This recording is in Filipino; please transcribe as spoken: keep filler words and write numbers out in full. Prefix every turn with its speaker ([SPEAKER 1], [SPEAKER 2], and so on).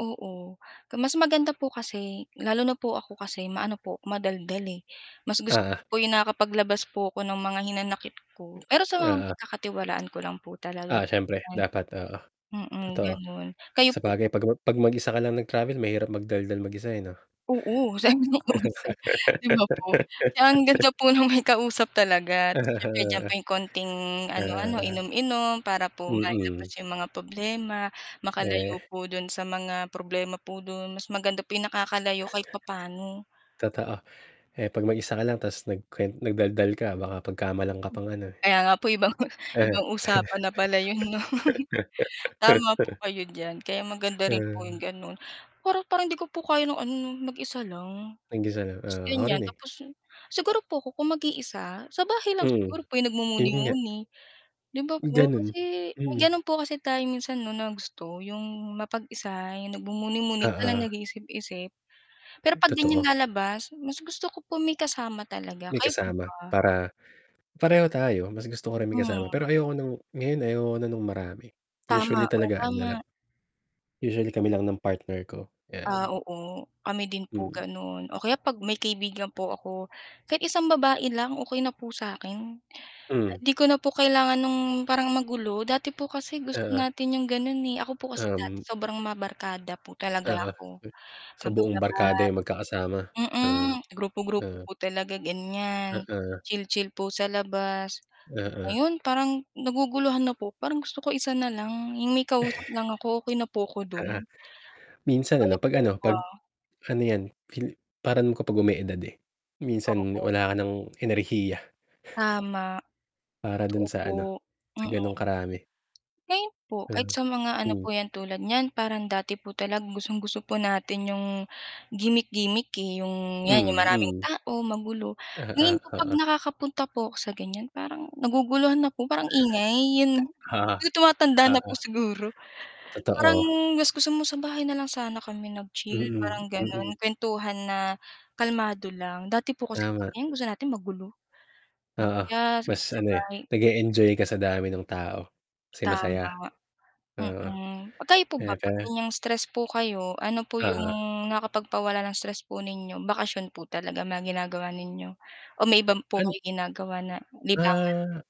[SPEAKER 1] Oo, mas maganda po kasi lalo na po ako kasi maano po madaldal, eh, mas gusto
[SPEAKER 2] Oo.
[SPEAKER 1] ko po yung nakakapaglabas po ako ng mga hinanakit ko pero sa mga
[SPEAKER 2] Oo.
[SPEAKER 1] pagkakatiwalaan ko lang po talaga
[SPEAKER 2] Ah, siyempre
[SPEAKER 1] ganyan,
[SPEAKER 2] dapat, oo.
[SPEAKER 1] mm,
[SPEAKER 2] Totoo,
[SPEAKER 1] gano'n. Kayo po
[SPEAKER 2] sabagay 'pag 'pag mag-isa ka lang nag-travel mahirap magdaldal mag-isa, eh, 'no.
[SPEAKER 1] Oo, sana may kausap 'di ba po? Kaya ang ganda po ng may kausap talaga ta's yung medyo may konting
[SPEAKER 2] Oo.
[SPEAKER 1] ano-ano,
[SPEAKER 2] Oo.
[SPEAKER 1] inom-inom para po mailabas
[SPEAKER 2] Mm.
[SPEAKER 1] yung mga problema,
[SPEAKER 2] Eh.
[SPEAKER 1] makalayo po dun sa mga problema po dun, mas maganda yung nakakalayo kahit papaano.
[SPEAKER 2] Totoo, eh, 'pag mag-isa ka lang tapos nagkwe nagdaldal ka baka pagkamalan ka pang ano, eh.
[SPEAKER 1] Kaya nga po ibang
[SPEAKER 2] Eh.
[SPEAKER 1] ibang usapan na pala 'yon 'no. Tama po kayo diyan kaya maganda rin po yung
[SPEAKER 2] Hmm.
[SPEAKER 1] gano'n para parang hindi ko po kayo ng ano mag-isa lang
[SPEAKER 2] Mag-isa lang,
[SPEAKER 1] tapos
[SPEAKER 2] oo, ako
[SPEAKER 1] gan'yan,
[SPEAKER 2] rin, eh.
[SPEAKER 1] tapos siguro po ku kung mag-iisa sa bahay lang
[SPEAKER 2] Mm,
[SPEAKER 1] siguro po yung
[SPEAKER 2] yun nga.
[SPEAKER 1] nagmumuni-muni, di ba po?
[SPEAKER 2] Gano'n,
[SPEAKER 1] Kasi
[SPEAKER 2] mm.
[SPEAKER 1] gano'n po kasi tayo minsan, 'no, na gusto yung mapag-isa, yung nagmumuni-muni ka lang,
[SPEAKER 2] Oo.
[SPEAKER 1] nag-iisip-isip pero 'pag ganyang
[SPEAKER 2] Totoo.
[SPEAKER 1] lalabas mas gusto ko po may kasama talaga,
[SPEAKER 2] May
[SPEAKER 1] kayo po
[SPEAKER 2] kasama
[SPEAKER 1] ba?
[SPEAKER 2] para pareho tayo mas gusto ko rin may kasama
[SPEAKER 1] Hmm.
[SPEAKER 2] pero ayoko ng ngayon ayoko na nung marami, eh,
[SPEAKER 1] Tama,
[SPEAKER 2] usually
[SPEAKER 1] oh,
[SPEAKER 2] talaga ano lang.
[SPEAKER 1] tama.
[SPEAKER 2] Usually kami lang ng partner ko
[SPEAKER 1] Ah,
[SPEAKER 2] 'yan.
[SPEAKER 1] oo kami din po
[SPEAKER 2] Hmm.
[SPEAKER 1] gano'n o kaya 'pag may kaibigan po ako kahit isang babae lang okey na po sa akin.
[SPEAKER 2] Hmm.
[SPEAKER 1] 'Di ko na po kailangan ng parang magulo dati po, kasi gusto
[SPEAKER 2] Oo.
[SPEAKER 1] natin 'yong gano'n, eh, ako po kasi dati
[SPEAKER 2] Um
[SPEAKER 1] sobrang mga barkada po talaga
[SPEAKER 2] Oo,
[SPEAKER 1] ako
[SPEAKER 2] sa buong barkada yung
[SPEAKER 1] [unintelligible]
[SPEAKER 2] magkakasama, ah,
[SPEAKER 1] mm, grupo-grupo
[SPEAKER 2] ah.
[SPEAKER 1] po talaga ganyan,
[SPEAKER 2] Oo.
[SPEAKER 1] chill-chill po sa labas.
[SPEAKER 2] Oo.
[SPEAKER 1] Ngayon parang naguguluhan na po parang gusto ko isa nalang yung may kausap lang ako okey na po ako
[SPEAKER 2] Oo.
[SPEAKER 1] dun.
[SPEAKER 2] Minsan
[SPEAKER 1] Kayo
[SPEAKER 2] ano, pag
[SPEAKER 1] po
[SPEAKER 2] ano, pag
[SPEAKER 1] ba?
[SPEAKER 2] ano 'yan pil parang kapag, ume-edad, eh, minsan
[SPEAKER 1] Oo.
[SPEAKER 2] wala ka ng enerhiya.
[SPEAKER 1] Tama,
[SPEAKER 2] Para
[SPEAKER 1] totoo
[SPEAKER 2] dun sa
[SPEAKER 1] po,
[SPEAKER 2] ano, sa gano'ng
[SPEAKER 1] mm.
[SPEAKER 2] karami.
[SPEAKER 1] Ngayon po kahit
[SPEAKER 2] Ah.
[SPEAKER 1] sa mga ano
[SPEAKER 2] Hmm.
[SPEAKER 1] po 'yan tulad niyan parang dati po talaga gustong-gusto po natin yung gimmick-gimmick, eh, yung 'yan
[SPEAKER 2] Mm,
[SPEAKER 1] maraming
[SPEAKER 2] mm.
[SPEAKER 1] tao, magulo.
[SPEAKER 2] Ah,
[SPEAKER 1] Ngayon
[SPEAKER 2] ah,
[SPEAKER 1] po 'pag
[SPEAKER 2] oo.
[SPEAKER 1] nakakapunta po ako sa gan'yan parang naguguluhan na po parang ingay, yun,
[SPEAKER 2] Oo,
[SPEAKER 1] yung tumatanda na
[SPEAKER 2] oo.
[SPEAKER 1] po siguro. Parang
[SPEAKER 2] Totoo.
[SPEAKER 1] gus gusto mo sa bahay na lang sana kami nag-chill
[SPEAKER 2] Mm,
[SPEAKER 1] parang ganon
[SPEAKER 2] mm.
[SPEAKER 1] kuwentuhan na kalmado lang, dati po kasi
[SPEAKER 2] Tama.
[SPEAKER 1] gusto natin magulo, oh,
[SPEAKER 2] Oo,
[SPEAKER 1] kaya
[SPEAKER 2] mas
[SPEAKER 1] sa
[SPEAKER 2] ano, eh,
[SPEAKER 1] bahay.
[SPEAKER 2] nag e-enjoy ka sa dami ng tao kasi masaya.
[SPEAKER 1] Tama,
[SPEAKER 2] Oo,
[SPEAKER 1] mm, 'pag kayo po ba
[SPEAKER 2] kaya pa
[SPEAKER 1] 'pag gan'yang stress po kayo, ano po yung
[SPEAKER 2] Oo.
[SPEAKER 1] nakapagpawala ng stress po ninyo, bakasyon po talaga mga ginagawa ninyo o may iba po
[SPEAKER 2] An
[SPEAKER 1] kayo ginagawa na libangan?
[SPEAKER 2] Ah